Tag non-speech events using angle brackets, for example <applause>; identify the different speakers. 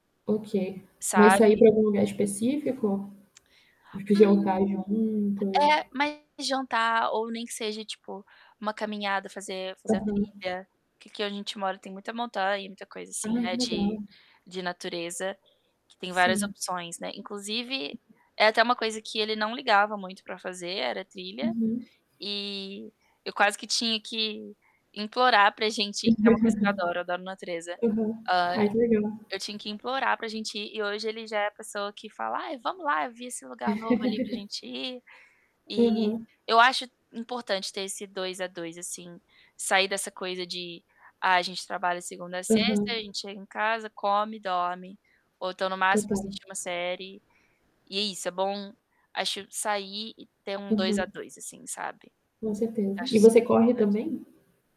Speaker 1: Ok. Mas sair
Speaker 2: Sabe?
Speaker 1: pra algum lugar específico? De que
Speaker 2: Hum.
Speaker 1: jantar juntos?
Speaker 2: É, mais jantar, ou nem que seja tipo, uma caminhada, fazer fazer a
Speaker 1: Aham.
Speaker 2: trilha. Que aqui onde a gente mora tem muita montanha e muita coisa assim,
Speaker 1: Ai, que
Speaker 2: né,
Speaker 1: legal.
Speaker 2: de de natureza, que tem várias
Speaker 1: Sim.
Speaker 2: opções, né, inclusive, é até uma coisa que ele não ligava muito pra fazer, era trilha,
Speaker 1: Uhum.
Speaker 2: eh, eu quase que tinha que implorar para a gente que é uma coisa que eu adoro eu adoro, natureza.
Speaker 1: <laughs> Aham.
Speaker 2: Ai,
Speaker 1: Ai, que legal.
Speaker 2: eu tinha que implorar para a gente ir e hoje ele já é a pessoa que fala: "Ai vamos lá, eu vi esse lugar novo, ali, para a
Speaker 1: <laughs>
Speaker 2: gente ir". Eh,
Speaker 1: Aham.
Speaker 2: eu acho importante ter esse 2 a 2, assim, sair dessa coisa de: "Ah, a gente trabalha segunda a sexta,
Speaker 1: Aham.
Speaker 2: gente chega em casa, come e dorme, ou então no máximo
Speaker 1: Total.
Speaker 2: assiste uma série. E é isso. É bom acho sair e ter um 2 a
Speaker 1: Aham.
Speaker 2: 2, assim, sabe?
Speaker 1: Com certeza.
Speaker 2: Acho
Speaker 1: E você
Speaker 2: super
Speaker 1: corre
Speaker 2: importante.
Speaker 1: também?